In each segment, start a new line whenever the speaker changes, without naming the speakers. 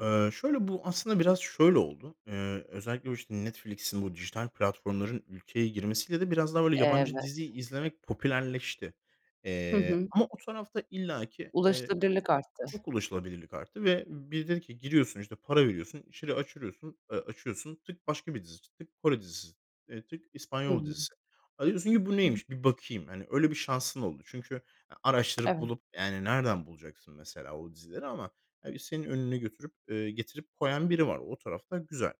Eee, şöyle, bu aslında biraz şöyle oldu. Eee, özellikle o, işte, Netflix'in bu dijital platformların ülkeye girmesiyle de biraz daha, böyle, yabancı
Evet.
dizi izlemek popülerleşti.
Hı
Eee,
hı.
ama o tarafta illaki, eee,
Ulaşılabilirlik arttı.
çok ulaşılabilirlik arttı. Ve biri dedi ki: "Giriyorsun, işte, para veriyorsun. İçeriği açırıyosun eee, açıyorsun. Tık başka bir dizi, tık Kore dizisi, eee, tık
Hı
İspanyol
hı.
dizisi." Ha, diyorsun ki: "Bu
[unintelligible]
neymiş bir bakayım." Hani, öyle bir şansın oldu çünkü, ya, araştırıp
Evet.
bulup, yani, nereden bulacaksın mesela o dizileri ama, ya, bir senin önüne götürüp eee, getirip koyan biri var. O tarafta güzel.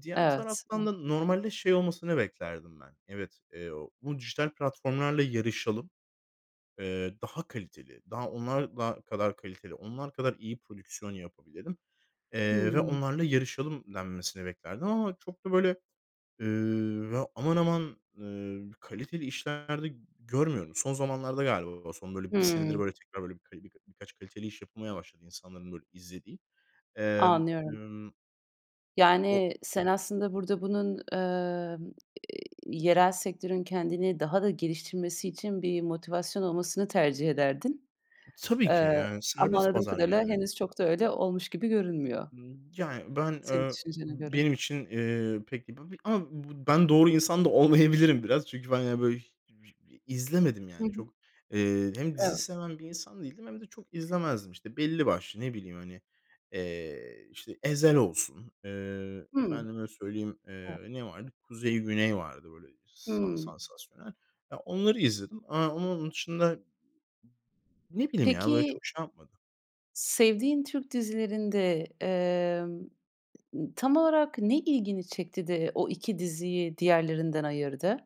Diğer
Evet,
taraftan
ya.
da normalde şey olmasını beklerdim ben. "Evet, eee, o bu dijital platformlarla yarışalım, eee, daha kaliteli, daha onlar da kadar kaliteli, onlar kadar iyi prodüksiyon yapabilelim. Eee, ve
Hımm.
onlarla yarışalım." denmesini beklerdim ama çok da, böyle, eee, ya, aman aman, eee, kaliteli işler de görmüyorum. Son zamanlarda galiba, son, böyle, 1 senedir,
Hımm.
böyle, tekrar, böyle, birka birkaç kaliteli iş yapılmaya başladı insanların, böyle, izlediği. Emm,
Anlıyorum.
ımm, o
Yani,
ü
sen aslında burada bunun, emm, eee, yerel sektörün kendini daha da geliştirmesi için bir motivasyon olmasını tercih ederdin.
Tabii ki,
Eee,
yani,
ama
serbest
anladığım
pazar
kadarıyla
yani.
henüz çok da öyle olmuş gibi görünmüyor.
Imm, yani, ben,
Senin
ööö,
düşüncene göre.
benim için, eee, pek b bir, a, bu ben doğru insan da olmayabilirim biraz. Çünkü ben, yani, böyle, h vi izlemedim,
Hı
yani.
hı.
Çok, eee, hem dizi
Evet.
seven bir insan değildim hem de çok izlemezdim. İşte, belli başlı, ne bileyim, hani, eee, işte, Ezel olsun, eee,
Hımm.
efendime söyleyeyim,
Evet.
eee, ne vardı? Kuzey Güney vardı, böyle, sa
Hımm.
sansasyonel. Ya, onları izledim, aaa, ama onun dışında ne bileyim ya, böyle,
Peki
çok şey yapmadı.
sevdiğin Türk dizilerinde, emm, tam olarak ne ilgini çekti de o 2 diziyi diğerlerinden ayırdı?